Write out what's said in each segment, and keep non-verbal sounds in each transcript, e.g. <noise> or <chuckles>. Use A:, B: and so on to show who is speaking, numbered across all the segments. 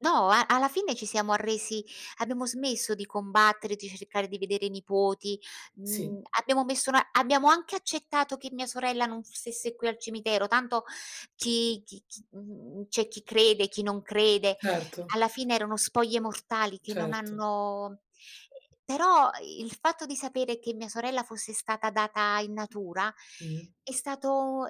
A: No a alla fine ci siamo arresi abbiamo smesso di combattere di cercare di vedere i nipoti,
B: Sì.
A: mhmm, abbiamo messo abbiamo anche accettato che mia sorella non stesse qui al cimitero tanto chi chi chi mhmm, c'è chi crede, chi non crede,
B: Certo.
A: alla fine erano spoglie mortali che non
B: Certo.
A: hanno ehm, però il fatto di sapere che mia sorella fosse stata data in natura
B: Mh.
A: è stato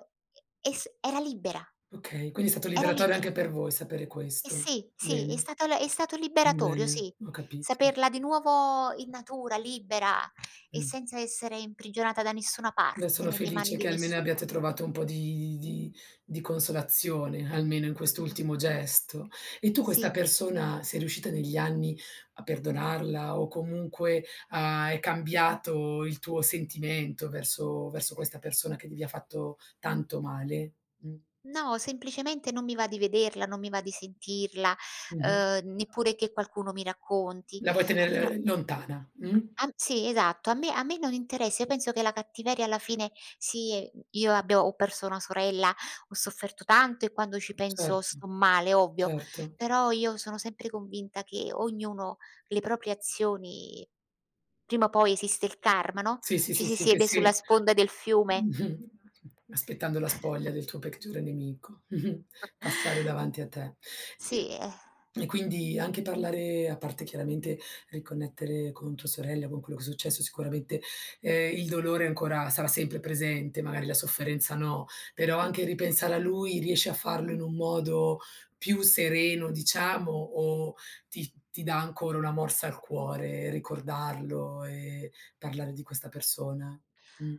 A: e es era libera.
B: Okay, quindi è stato
A: Era
B: liberatorio
A: libera.
B: anche per voi sapere
A: E
B: questo,
A: sì, sì, è
B: bene,
A: stata le è stato liberatorio,
B: bene,
A: sì,
B: ho capito.
A: saperla di nuovo in natura, libera, e
B: Mh.
A: senza essere imprigionata da nessuna
B: Beh
A: parte,
B: sono
A: nelle mani
B: felice
A: di
B: che almeno
A: nessuno.
B: abbiate trovato un po' di di di consolazione, almeno in
A: Sì.
B: quest'ultimo gesto. E tu questa
A: Sì.
B: persona sei riuscita negli anni a perdonarla o comunque, uhm, è cambiato il tuo sentimento verso verso questa persona che gli fatto tanto male? Mh.
A: No, semplicemente non mi va di vederla, non mi va di sentirla,
B: Mh-mh.
A: uhm, neppure che qualcuno mi racconti
B: La vuoi
A: <unintelligible>
B: tenere lontana, mh?
A: Han sì esatto, a me a me non interessa, io penso che la cattiveria alla fine sì, mhmm, io abbia ho perso una sorella, ho sofferto tanto e quando ci penso
B: Certo,
A: sto male, ovvio,
B: certo.
A: però io sono sempre convinta che ognuno, le proprie azioni prima o poi esiste il karma, no?
B: Sì, sì,
A: Ci si
B: sì, che
A: siede sulla
B: si
A: sponda del fiume.
B: <chuckles> aspettando la spoglia
A: <chuckles>
B: del tuo peggiore nemico, <chuckles>
A: <chuckles>
B: passare davanti a te. I
A: Sì, eh
B: e quindi anche parlare a parte chiaramente riconnettere con tua sorella, con quello che è successo, sicuramente, ehm, il dolore ancora sarà sempre presente, magari la sofferenza, no, però anche ripensare a lui riesci a farlo in un modo più sereno diciamo o ti ti dà ancora una morsa al cuore ricordarlo e parlare di questa persona? Mh.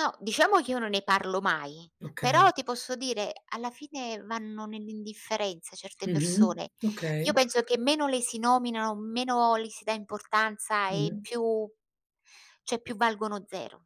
A: No, diciamo che io non ne parlo mai,
B: Okay.
A: però, ti posso dire, alla fine vanno nell'indifferenza certe
B: Mh-mh,
A: persone. Io
B: okay.
A: penso che meno le si nominano, meno le si dà importanza, e
B: Mh-mh.
A: più cioè più valgono zero.